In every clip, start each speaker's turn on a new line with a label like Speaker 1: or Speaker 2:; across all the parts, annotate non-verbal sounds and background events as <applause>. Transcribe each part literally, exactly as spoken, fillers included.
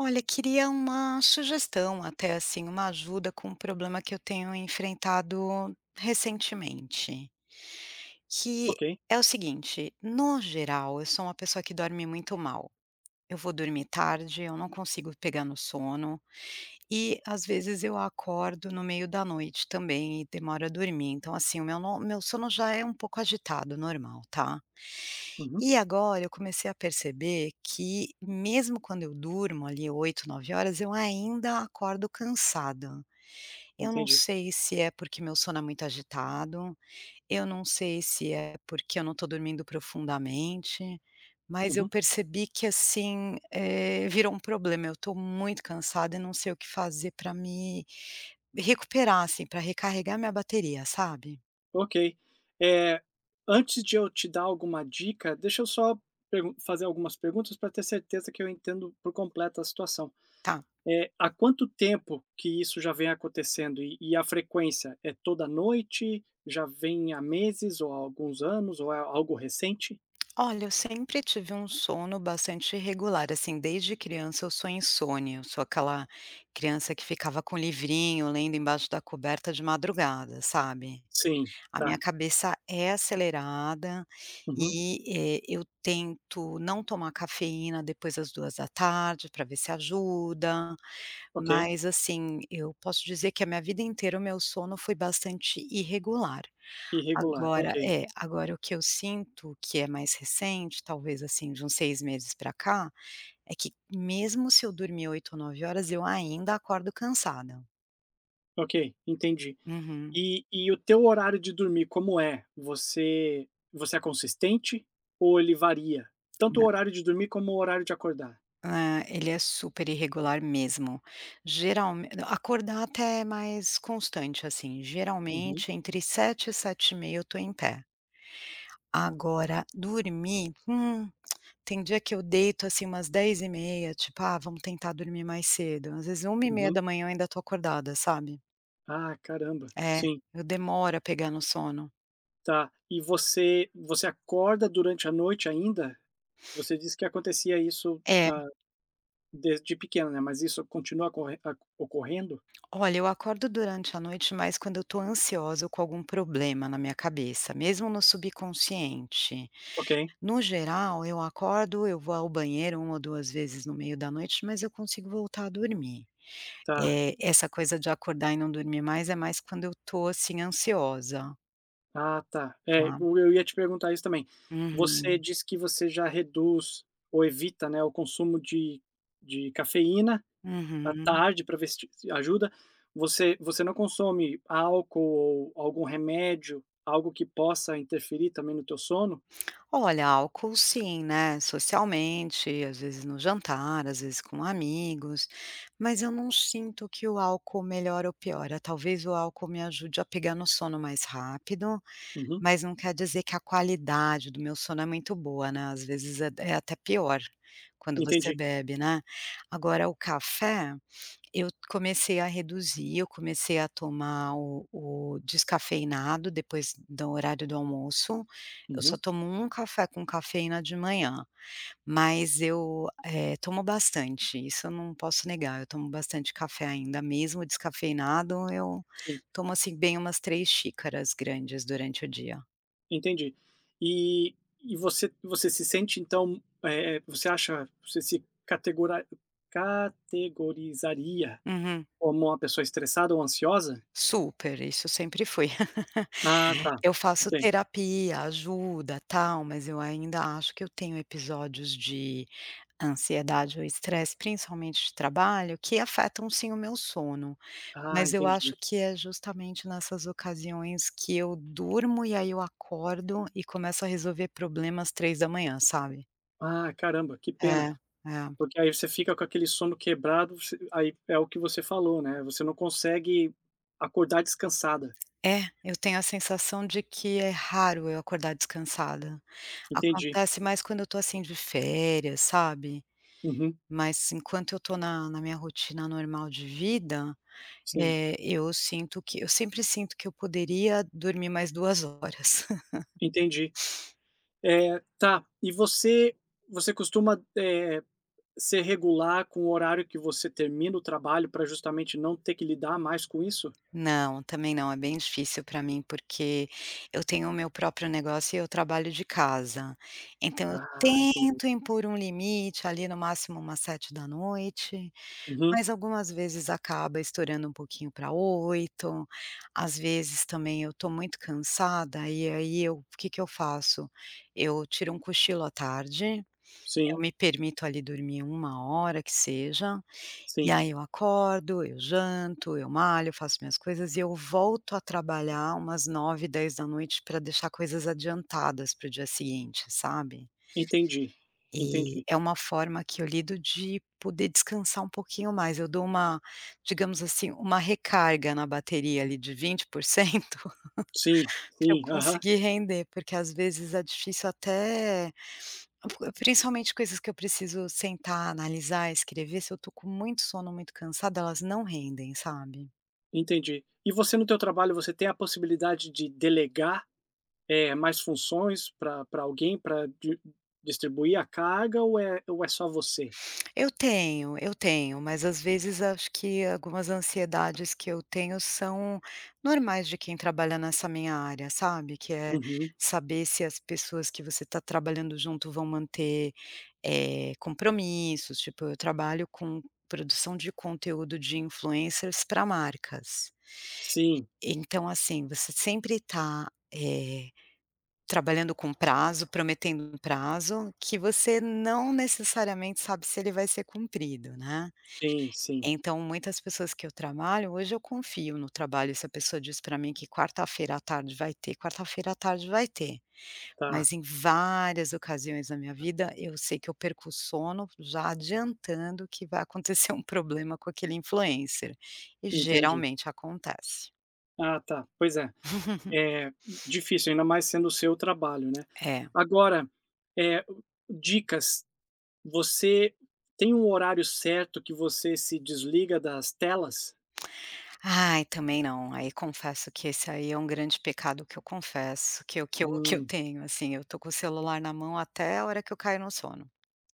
Speaker 1: Olha, queria uma sugestão até, assim, uma ajuda com um problema que eu tenho enfrentado recentemente, que
Speaker 2: Ok.
Speaker 1: é o seguinte, no geral, eu sou uma pessoa que dorme muito mal, eu vou dormir tarde, eu não consigo pegar no sono e, às vezes, eu acordo no meio da noite também e demoro a dormir, então, assim, o meu no meu sono já é um pouco agitado, normal, tá.
Speaker 2: Uhum.
Speaker 1: E agora eu comecei a perceber que mesmo quando eu durmo ali oito, nove horas, eu ainda acordo cansada, eu não
Speaker 2: Entendi.
Speaker 1: sei se é porque meu sono é muito agitado, eu não sei se é porque eu não tô dormindo profundamente, mas eu
Speaker 2: Uhum.
Speaker 1: percebi que assim, eh, virou um problema, eu tô muito cansada e não sei o que fazer pra me recuperar, assim, pra recarregar minha bateria, sabe.
Speaker 2: Ok. Eh, antes de eu te dar alguma dica, deixa eu só pergun fazer algumas perguntas pra ter certeza que eu entendo por completo a situação,
Speaker 1: Tá.
Speaker 2: eh, há quanto tempo que isso já vem acontecendo, e e a frequência é toda noite, já vem há meses ou há alguns anos ou é algo recente?
Speaker 1: Olha, eu sempre tive um sono bastante irregular, assim, desde criança eu sou insone, eu sou aquela criança que ficava com livrinho lendo embaixo da coberta de madrugada, sabe,
Speaker 2: Sim,
Speaker 1: a minha
Speaker 2: tá.
Speaker 1: cabeça é acelerada
Speaker 2: Uhum.
Speaker 1: e, eh, eu tento não tomar cafeína depois das duas da tarde, pra ver se ajuda,
Speaker 2: Ok.
Speaker 1: mas assim, eu posso dizer que a minha vida inteira o meu sono foi bastante irregular,
Speaker 2: Irregular,
Speaker 1: agora
Speaker 2: ok.
Speaker 1: é, agora o que eu sinto que é mais recente, talvez assim de uns seis meses pra cá, é que mesmo se eu dormir oito ou nove horas, eu ainda acordo cansada.
Speaker 2: Ok, entendi.
Speaker 1: Uhum.
Speaker 2: E e o teu horário de dormir, como é? Você você é consistente ou ele varia? Tanto o
Speaker 1: Nã
Speaker 2: horário de dormir como o horário de acordar.
Speaker 1: Ah, ele é super irregular mesmo, geralme não, acordar até é mais constante, assim,
Speaker 2: Uhum.
Speaker 1: geralmente entre sete e sete e meia eu tô em pé. Agora, dormir, hum, tem dia que eu deito, assim, umas dez e meia, tipo: "Ah, vamos tentar dormir mais cedo", às vezes é uma e meia
Speaker 2: Uhum.
Speaker 1: da manhã eu ainda tô acordada, sabe.
Speaker 2: Ah, caramba!
Speaker 1: É,
Speaker 2: Sim.
Speaker 1: eu demoro a pegar no sono.
Speaker 2: Tá. E você você acorda durante a noite ainda? Você disse que acontecia isso,
Speaker 1: É.
Speaker 2: ah, desde pequena, né, mas isso continua acorren aco ocorrendo?
Speaker 1: Olha, eu acordo durante a noite, mas quando eu tô ansiosa ou com algum problema na minha cabeça, mesmo no subconsciente.
Speaker 2: Ok.
Speaker 1: No geral eu acordo, eu vou ao banheiro uma ou duas vezes no meio da noite, mas eu consigo voltar a dormir.
Speaker 2: Tá.
Speaker 1: Eh, essa coisa de acordar e não dormir mais, é mais quando eu tô, assim, ansiosa.
Speaker 2: Ah, tá. É,
Speaker 1: Claro.
Speaker 2: o eu ia te perguntar isso também. Você
Speaker 1: Uhum.
Speaker 2: disse que você já reduz ou evita, né, o consumo de de cafeína à
Speaker 1: Uhum.
Speaker 2: tarde pra ver se t se ajuda. Você você não consome álcool ou algum remédio, algo que possa interferir também no teu sono?
Speaker 1: Olha, álcool sim, né, socialmente, às vezes no jantar, às vezes com amigos, mas eu não sinto que o álcool melhora ou piora. Talvez o álcool me ajude a pegar no sono mais rápido,
Speaker 2: Uhum.
Speaker 1: mas não quer dizer que a qualidade do meu sono é muito boa, né, às vezes é é até pior quando você
Speaker 2: Entendi.
Speaker 1: bebe, né. Agora o café eu comecei a reduzir, eu comecei a tomar o o descafeinado depois do horário do almoço. Eu só
Speaker 2: Uhum.
Speaker 1: tomo um café com cafeína de manhã, mas eu, eh, tomo bastante, isso eu não posso negar. Eu tomo bastante café ainda, mesmo o descafeinado, eu
Speaker 2: Sim.
Speaker 1: tomo, assim, bem umas três xícaras grandes durante o dia.
Speaker 2: Entendi. E e você você se sente então, eh, você acha você se catego categorizaria
Speaker 1: Uhum.
Speaker 2: como uma pessoa estressada ou ansiosa?
Speaker 1: Super, isso sempre foi.
Speaker 2: Ah,
Speaker 1: <laughs>
Speaker 2: tá,
Speaker 1: Eu faço
Speaker 2: ok.
Speaker 1: terapia, ajuda, tal, mas eu ainda acho que eu tenho episódios de ansiedade ou estresse, principalmente de trabalho, que afetam, sim, o meu sono.
Speaker 2: Ah,
Speaker 1: Mas eu acho
Speaker 2: entendi.
Speaker 1: que é justamente nessas ocasiões que eu durmo e aí eu acordo e começo a resolver problemas, três da manhã, sabe.
Speaker 2: Ah, caramba, que pena,
Speaker 1: É, é.
Speaker 2: porque aí você fica com aquele sono quebrado, você aí é o que você falou, né, você não consegue acordar descansada.
Speaker 1: É, eu tenho a sensação de que é raro eu acordar descansada.
Speaker 2: Entendi.
Speaker 1: Acontece mais quando eu tô assim de férias, sabe.
Speaker 2: Uhum.
Speaker 1: Mas, enquanto eu tô na na minha rotina normal de vida,
Speaker 2: Sim.
Speaker 1: eh, eu sinto que eu sempre sinto que eu poderia dormir mais duas horas. <laughs>
Speaker 2: Entendi, eh, tá. E você você costuma, eh, ser regular com o horário que você termina o trabalho pra justamente não ter que lidar mais com isso?
Speaker 1: Não, também não, é bem difícil pra mim, porque eu tenho o meu próprio negócio e eu trabalho de casa, então eu
Speaker 2: Ah, entendi.
Speaker 1: tento impor um limite ali no máximo umas sete da noite,
Speaker 2: Uhum.
Speaker 1: mas algumas vezes acaba estourando um pouquinho pra oito, às vezes também eu tô muito cansada, e aí eu o que que eu faço, eu tiro um cochilo à tarde, eu
Speaker 2: Sim.
Speaker 1: me permito ali dormir uma hora que seja, e
Speaker 2: Sim.
Speaker 1: aí eu acordo, eu janto, eu malho, eu faço minhas coisas e eu volto a trabalhar umas uma nove, dez da noite pra deixar coisas adiantadas para o dia seguinte, sabe.
Speaker 2: Entendi,
Speaker 1: Eh,
Speaker 2: entendi.
Speaker 1: é uma forma que eu lido de poder descansar um pouquinho mais, eu dou uma, digamos assim, uma recarga na bateria ali de vinte por cento
Speaker 2: Sim,
Speaker 1: <laughs> pra eu
Speaker 2: sim, aham.
Speaker 1: conseguir render, porque, às vezes, é difícil até principalmente coisas que eu preciso sentar, analisar, escrever, se eu tô com muito sono, muito cansada, elas não rendem, sabe.
Speaker 2: Entendi. E você no teu trabalho, você tem a possibilidade de delegar, eh, mais funções pra pra alguém, pra di distribuir a carga ou é ou é só você?
Speaker 1: Eu tenho eu tenho, mas às vezes acho que algumas ansiedades que eu tenho são normais de quem trabalha nessa minha área, sabe, que é
Speaker 2: Uhum.
Speaker 1: saber se as pessoas que você está trabalhando junto vão manter, eh, compromissos, tipo, eu trabalho com produção de conteúdo de influencers pra marcas
Speaker 2: Sim.
Speaker 1: então assim, você sempre tá, eh, trabalhando com prazo, prometendo um prazo que você não necessariamente sabe se ele vai ser cumprido, né.
Speaker 2: Sim, sim.
Speaker 1: Então muitas pessoas que eu trabalho, hoje eu confio no trabalho, se a pessoa diz para mim que quarta-feira à tarde vai ter, quarta-feira à tarde vai ter.
Speaker 2: Tá.
Speaker 1: Mas em várias ocasiões na minha vida, eu sei que eu perco o sono já adiantando que vai <chuckles> acontecer um problema com aquele influencer, e
Speaker 2: Entendi.
Speaker 1: geralmente acontece.
Speaker 2: Ah, tá, pois é.
Speaker 1: <laughs>
Speaker 2: Eh, difícil, ainda mais sendo o seu trabalho, né.
Speaker 1: É.
Speaker 2: Agora, eh, dicas, você tem um horário certo que você se desliga das telas?
Speaker 1: Ai, também não, aí confesso que esse aí é um grande pecado que eu confesso que eu que eu que eu
Speaker 2: Hum.
Speaker 1: tenho, assim, eu tô com o celular na mão até a hora que eu caio no sono.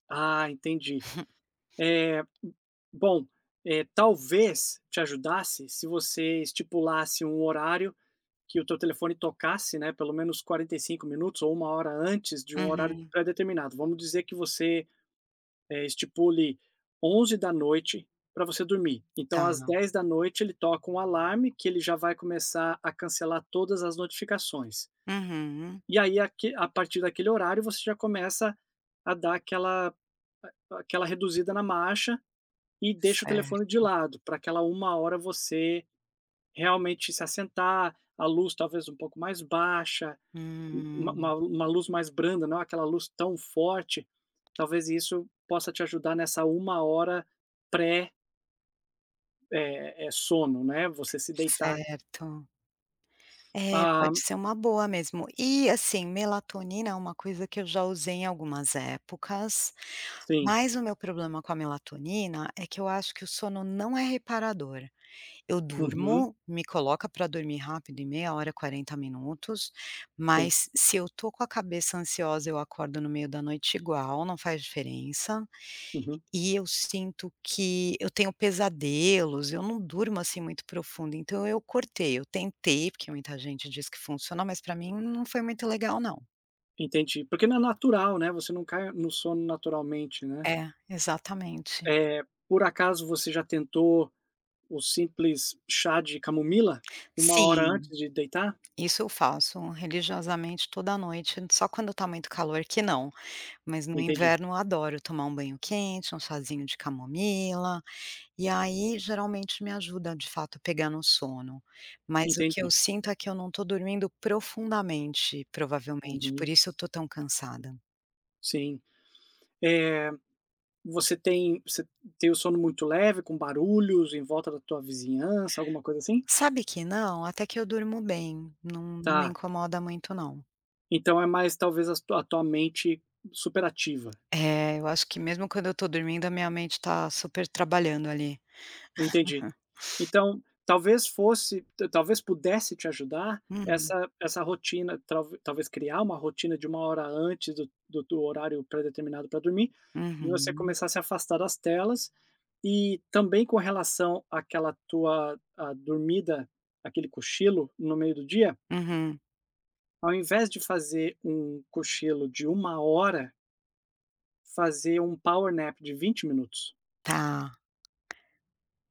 Speaker 2: Ah, entendi. Eh,
Speaker 1: <chuckles>
Speaker 2: bom, eh, talvez te ajudasse se você estipulasse um horário que o teu telefone tocasse, né, pelo menos quarenta e cinco minutos minutos ou uma hora antes de um horário
Speaker 1: Uhum.
Speaker 2: pré-determinado. Vamos dizer que você, eh, estipule onze da noite pra você dormir, então
Speaker 1: Tá.
Speaker 2: às dez da noite ele toca um alarme que ele já vai começar a cancelar todas as notificações.
Speaker 1: Uhum.
Speaker 2: E aí aque a partir daquele horário, você já começa a dar aquela a aquela reduzida na marcha e deixa o telefone de
Speaker 1: Certo.
Speaker 2: lado, pra aquela uma hora você realmente se assentar, a luz talvez um pouco mais baixa, u uma uma
Speaker 1: Hum.
Speaker 2: lu uma luz mais branda, não aquela luz tão forte. Talvez isso possa te ajudar nessa uma hora pré É é sono né, você se deitar
Speaker 1: Certo. É,
Speaker 2: Hã.
Speaker 1: pode ser uma boa mesmo. E, assim, melatonina é uma coisa que eu já usei em algumas épocas,
Speaker 2: Sim.
Speaker 1: mas o meu problema com a melatonina é que eu acho que o sono não é reparador, eu
Speaker 2: Uhum.
Speaker 1: durmo, me coloca pra dormir rápido, em meia hora, quarenta minutos,
Speaker 2: Sim.
Speaker 1: mas se eu tô com a cabeça ansiosa, eu acordo no meio da noite igual, não faz diferença.
Speaker 2: Uhum.
Speaker 1: E eu sinto que eu tenho pesadelos, eu não durmo, assim, muito profundo, então eu cortei, eu tentei, porque muita gente diz que funciona, mas pra mim não foi muito legal não.
Speaker 2: Entendi. Porque não é natural, né, você não cai no sono naturalmente, né.
Speaker 1: É, exatamente.
Speaker 2: Eh, por acaso você já tentou o simples chá de camomila, uma hora
Speaker 1: Sim,
Speaker 2: antes de deitar?
Speaker 1: isso eu faço religiosamente toda noite, só quando tá muito calor que não, mas no
Speaker 2: Entendi.
Speaker 1: inverno eu adoro tomar um banho quente, um chazinho de camomila, e aí geralmente me ajuda de fato pegar no sono, mas o que eu
Speaker 2: Entendi.
Speaker 1: sinto é que eu não tô dormindo profundamente, provavelmente, por
Speaker 2: Uhum.
Speaker 1: isso eu tô tão cansada.
Speaker 2: Sim. Eh, você tem você tem o sono muito leve, com barulhos em volta da tua vizinhança, alguma coisa assim?
Speaker 1: Sabe que não, até que eu durmo bem, não não me
Speaker 2: Tá.
Speaker 1: incomoda muito não.
Speaker 2: Então é mais talvez a su a tua mente superativa.
Speaker 1: É, eu acho que mesmo quando eu tô dormindo a minha mente tá super trabalhando, ali.
Speaker 2: Entendi.
Speaker 1: <chuckles>
Speaker 2: Então talvez fosse t talvez pudesse te ajudar
Speaker 1: Uhum.
Speaker 2: essa essa rotina tal talvez criar uma rotina de uma hora antes do do horário pré-determinado pra dormir e você
Speaker 1: Uhum.
Speaker 2: começar a se afastar das telas, e também com relação àquela tua à dormida, aquele cochilo no meio do dia
Speaker 1: Uhum.
Speaker 2: ao invés de fazer um cochilo de uma hora fazer um power nap de vinte minutos
Speaker 1: Tá.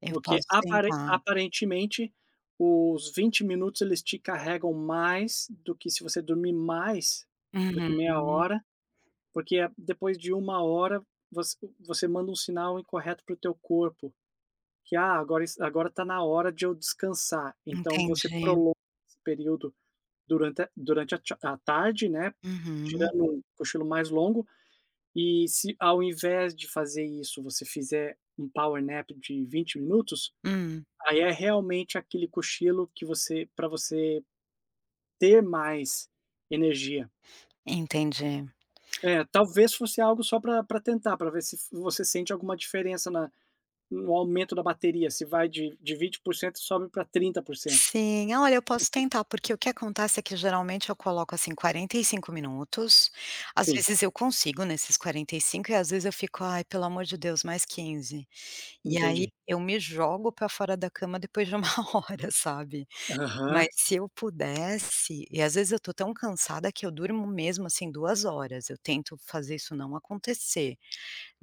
Speaker 1: Eu
Speaker 2: porque
Speaker 1: posso
Speaker 2: aparen
Speaker 1: tentar.
Speaker 2: aparentemente os vinte minutos, eles te carregam mais do que se você dormir mais do que meia
Speaker 1: Uhum.
Speaker 2: hora, porque a depois de uma hora, voc você manda um sinal incorreto para o teu corpo, que: "Ah, agora es agora tá na hora de eu descansar", então você
Speaker 1: Entendi.
Speaker 2: prolonga esse período durante a durante a tcha a tarde, né,
Speaker 1: Uhum.
Speaker 2: tirando um cochilo mais longo, e se ao invés de fazer isso você fizer um power nap de vinte minutos,
Speaker 1: Hum.
Speaker 2: aí é realmente aquele cochilo que você pra você ter mais energia.
Speaker 1: Entendi.
Speaker 2: É, talvez fosse algo só pra pra tentar, pra ver se v você sente alguma diferença na no aumento da bateria, se vai de de vinte por cento e sobe pra trinta por cento.
Speaker 1: Sim. Olha, eu posso tentar, porque o que acontece é que geralmente eu coloco, assim, quarenta e cinco minutos, às
Speaker 2: Sim.
Speaker 1: vezes eu consigo nesses quarenta e cindo, e às vezes eu fico: "Ai, pelo amor de Deus, mais quinze", e aí
Speaker 2: Entendi.
Speaker 1: eu me jogo pra fora da cama depois de uma hora, sabe.
Speaker 2: Aham.
Speaker 1: Mas se eu pudesse e às vezes eu tô tão cansada que eu durmo mesmo, assim, duas horas, eu tento fazer isso não acontecer,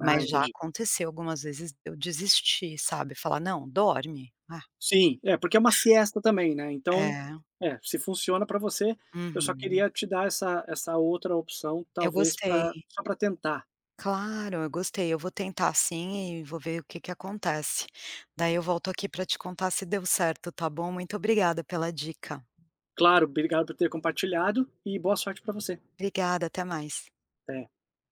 Speaker 2: Ah,
Speaker 1: já
Speaker 2: entendi.
Speaker 1: aconteceu algumas vezes de eu desistir, sabe, falar: "Não, dorme, ah".
Speaker 2: Sim. É, porque é uma siesta também, né, então
Speaker 1: É.
Speaker 2: é, se funciona pra você, eu só
Speaker 1: Uhum.
Speaker 2: queria te dar essa essa outra opção
Speaker 1: Eu
Speaker 2: talvez
Speaker 1: gostei.
Speaker 2: pra só pra tentar.
Speaker 1: Claro, eu gostei, eu vou tentar sim e vou ver o que que acontece, daí eu volto aqui pra te contar se deu certo, tá bom, muito obrigada pela dica.
Speaker 2: Claro, obrigado por ter compartilhado e boa sorte pra você.
Speaker 1: Obrigada, até mais.
Speaker 2: Até.